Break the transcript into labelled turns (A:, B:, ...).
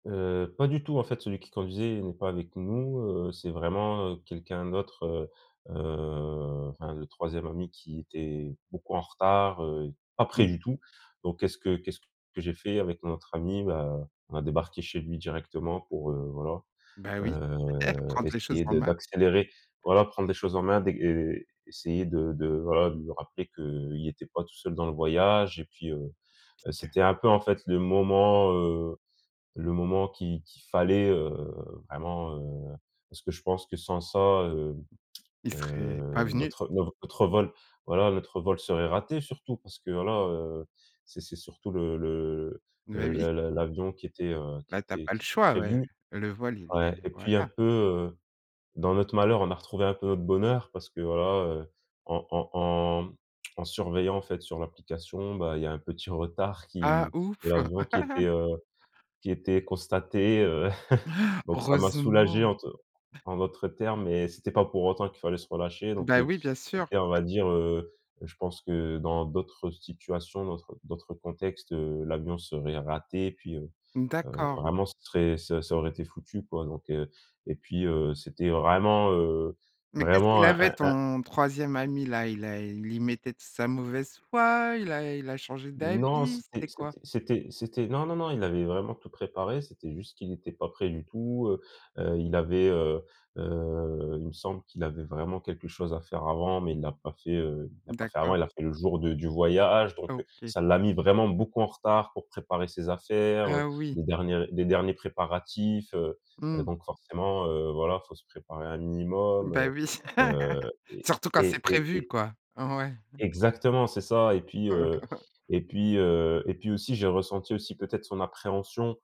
A: Heu, pas du tout en fait celui qui conduisait n'est pas avec nous, heu, c'est vraiment, heu, quelqu'un d'autre, heu heu, enfin le 3e ami qui était beaucoup en retard, heu, pas près
B: Mmh.
A: du tout, donc qu'est-ce que qu'est-ce que j'ai fait avec notre ami? Bah, on a débarqué chez lui directement pour, heu, voilà,
B: Ben oui, et
A: heu,
B: prendre les choses
A: essayer
B: en
A: de
B: main.
A: d'accélérer, voilà, prendre les choses en main, et essayer de de, voilà, de lui rappeler qu'il était pas tout seul dans le voyage et puis, heu,
B: OK.
A: c'était un peu en fait le moment, heu, le moment qu'il qu'il fallait, heu, vraiment, heu, parce que je pense que sans ça, heu
B: Il serait pas
A: heu,
B: venu.
A: notre, heu, notre vol voilà notre vol serait raté surtout parce que voilà, heu, c'est c'est surtout le le
B: Oui,
A: le
B: oui.
A: le l'avion qui était, heu, qui
B: Bah, tu as
A: était
B: pas le
A: qui était
B: choix ouais,
A: prévu
B: le vol il est
A: ouais, et puis un
B: voilà.
A: peu, heu, dans notre malheur, on a retrouvé un peu notre bonheur parce que voilà, heu, en en en, mmh, en surveillant en fait sur l'application, bah, il y a un petit retard
B: Ah
A: qui de
B: ouf!
A: l'avion qui était, heu, qui était était constaté, heu. Donc ça m'a soulagé
B: Heureusement!
A: en te en d'autres termes et c'était pas pour autant qu'il fallait se relâcher donc
B: Bah,
A: heu,
B: oui, bien sûr.
A: c'était on va dire, heu heu, je pense que dans d'autres situations, d'autr d'autres contextes, heu, l'avion serait raté. Puis, heu
B: N
A: heu,
B: d'accord.
A: vraiment, c'est très ça ça aurait été foutu quoi, donc heu, et puis, heu, c'était vraiment, heu,
B: Mais qu'est-ce
A: vraiment
B: qu'il
A: un
B: avait
A: un un
B: ton 3e ami là, il a il y mettait de sa mauvaise foi, il a il a changé
A: Non,
B: d'avis,
A: c'était
B: c'était quoi?
A: c'était c'était c'était non non non il avait vraiment tout préparé c'était juste qu'il était pas prêt du tout, heu heu, il avait, heu heu, il me semble qu'il avait vraiment quelque chose à faire avant, mais il l'a pas fait, heu, il l'a pas fait avant,
B: D'accord.
A: il a fait le jour de du voyage, donc heu,
B: OK.
A: ça l'a mis vraiment beaucoup en retard pour préparer ses affaires, heu,
B: Heu, oui.
A: les derniers les derniers préparatifs, heu heu,
B: Mmh.
A: donc forcément, heu, voilà, il faut se préparer un
B: Bah,
A: minimum,
B: oui,
A: heu heu, et
B: surtout quand c'est
A: et
B: prévu
A: et
B: quoi. Ouais. Mmh.
A: Exactement c'est ça et puis, heu, et puis, heu, et puis aussi j'ai ressenti aussi peut-être son appréhension.